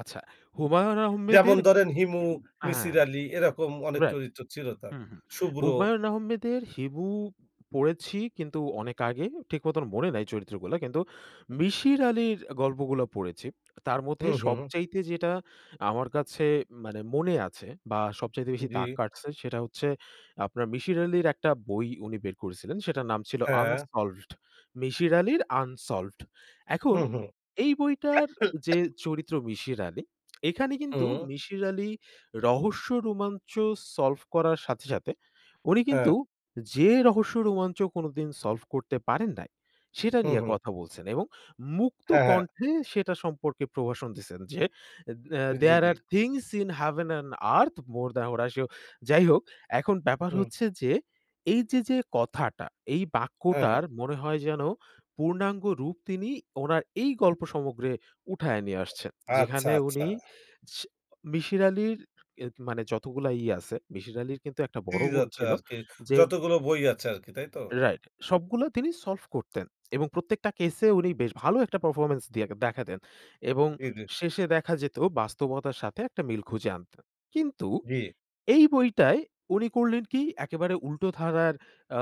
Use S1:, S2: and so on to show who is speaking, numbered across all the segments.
S1: আচ্ছা হুমায়ুন
S2: যেমন
S1: আহমেদের
S2: ধরেন হিমু, মিসির
S1: হ্যাঁ।
S2: আলী এরকম অনেক
S1: রাইট
S2: চরিত্র ছিল তার।
S1: হুম, হুম।
S2: শুভ্র।
S1: হুমায়ুন আহমেদের হিমু পড়েছি কিন্তু অনেক আগে ঠিক মতন মনে নাই চরিত্রগুলা কিন্তু মিশির আলির গল্পগুলো পড়েছি। তার
S2: হু,
S1: মধ্যে
S2: হু।
S1: সবচাইতে যেটা আমার কাছে মানে মনে আছে বা সবচাইতে বেশি দাগ
S2: জি।
S1: কাটছে সেটা হচ্ছে আপনার মিশির আলির একটা বই উনি বের করেছিলেন। সেটার নাম ছিল
S2: হ্যাঁ।
S1: আনসলভড মিশির আলির আনসলভড। এখন
S2: হুম, হু।
S1: এই বইটার যে চরিত্র, মিশির আলি এখানে কিন্তু
S2: হুম।
S1: মিশির আলির রহস্য রোমাঞ্চ সলভ করার সাথে, সাথে উনি
S2: হ্যাঁ।
S1: কিন্তু যে রহস্য রোমাঞ্চ কোনদিন সলভ করতে পারেন নাই। সেটা
S2: হুম,
S1: নিয়ে
S2: হু।
S1: কথা বলছেন এবং
S2: হ্যাঁ, হ্যাঁ।
S1: মুক্তকণ্ঠে সেটা সম্পর্কে প্রভাষণ দিছেন যে,
S2: জি,
S1: দেয়ার
S2: জি।
S1: Are things in heaven and earth more than ওরা যাই হোক এখন ব্যাপার
S2: হুম।
S1: হচ্ছে যে, এইযে, যে কথাটা এই
S2: হ্যাঁ,
S1: বাক্যটার
S2: হ্যাঁ।
S1: মনে হয় যেন পূর্ণাঙ্গ রূপ তিনি উনার এই গল্প সমগ্রে উঠায়ে নিয়ে আসছেন।
S2: আচ্ছা,
S1: যেখানে উনি
S2: আচ্ছা।
S1: মিশির আলির এ মানে যতগুলা ইয়ে আছে মিশির আলির কিন্তু একটা বড়
S2: সিরিজ
S1: গুণ
S2: আছে
S1: ছিল
S2: আরকি।
S1: যে
S2: যতগুলো বই আছে আরকি তাই তো?
S1: রাইট সবগুলা তিনি সলভ করতেন এবং প্রত্যেকটা কেসে উনি বেশ ভালো একটা পারফরম্যান্স দিয়ে দেখাতেন। এবং
S2: জি, জি।
S1: শেষে দেখা যেত বাস্তবতার সাথে একটা মিল খুঁজে আনত। কিন্তু
S2: জি।
S1: এই বইটায় উনি করলেন কি একেবারে উল্টো ধারার আ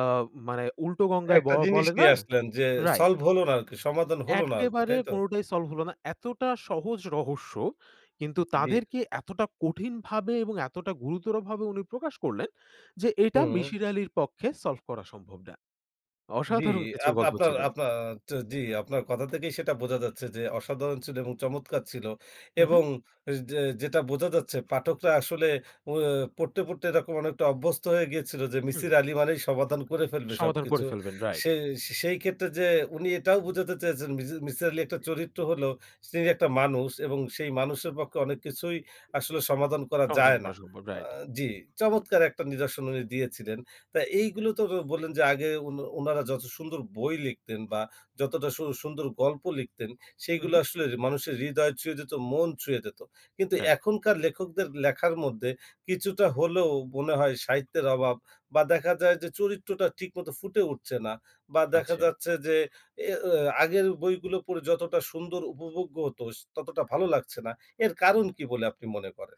S1: মানে উল্টো গঙ্গায় ব
S2: একটা জিনিস
S1: বলে না?
S2: নিয়ে আসলেন যে,
S1: রাইট।
S2: সলভ হলো না আরকি সমাধান হল না আরকি।
S1: একেবারে
S2: তাইতো?
S1: কোনটাই সলভ হল না। এতটা সহজ রহস্য কিন্তু
S2: জি।
S1: তাদেরকে এতটা কঠিন ভাবে এবং এতটা গুরুতর ভাবে উনি প্রকাশ করলেন যে, এটা
S2: হুম।
S1: মিশির আলির পক্ষে সলভ করা সম্ভব না।
S2: জি,
S1: অসাধারন কিছু গল্প
S2: আপনার
S1: ছিলেন।
S2: আপনার জি, আপনার কথা থেকেই সেটা বোঝা যাচ্ছে যে, অসাধারণ ছিল এবং চমৎকার ছিল
S1: হু,
S2: এবং
S1: হু।
S2: যে, যেটা বোঝা যাচ্ছে পাঠকরা আসলে প অ্যা পড়তে, পড়তে এরকম অনেকটা অভ্যস্ত হয়ে গিয়েছিল যে
S1: হুম।
S2: মিসির আলী মানে সমাধান করে ফেলবে
S1: সমাধান
S2: সবকিছু।
S1: করে ফেলবেন। রাইট।
S2: সে সেই ক্ষেত্রে যে উনি এটাও বোঝাতে চেয়েছেন মি মিসির আলী একটা চরিত্র হলো তিনি একটা মানুষ এবং সেই মানুষের পক্ষে অনেক কিছুই আসলে সমাধান করা
S1: সমাধান
S2: যায় না।
S1: করা সম্ভব
S2: আ
S1: রাইট।
S2: জি, চমৎকার একটা নিরসন উনি দিয়েছিলেন। তো এইগুলো তো বললেন যে, আগে উনা উনারা যত সুন্দর বই লিখতেন বা যতটা সু সুন্দর গল্প লিখতেন
S1: হু,
S2: সেগুলো
S1: হু।
S2: আসলে মানুষের হৃদয় ছুঁয়ে যেত, মন ছুঁয়ে যেত। কিন্তু
S1: রাইট।
S2: এখনকার লেখকদের লেখার মধ্যে কিছুটা হলেও মনে হয় সাহিত্যের অভাব বা দেখা যায় যে, চরিত্রটা ঠিক মতো ফুটে উঠছে না। বা দেখা
S1: আচ্ছা।
S2: যাচ্ছে যে অ্যা আগের বইগুলো পড়ে যতটা সুন্দর উপভোগ্য হত ততটা ভালো লাগছে না। এর কারণ কি বলে আপনি মনে করেন?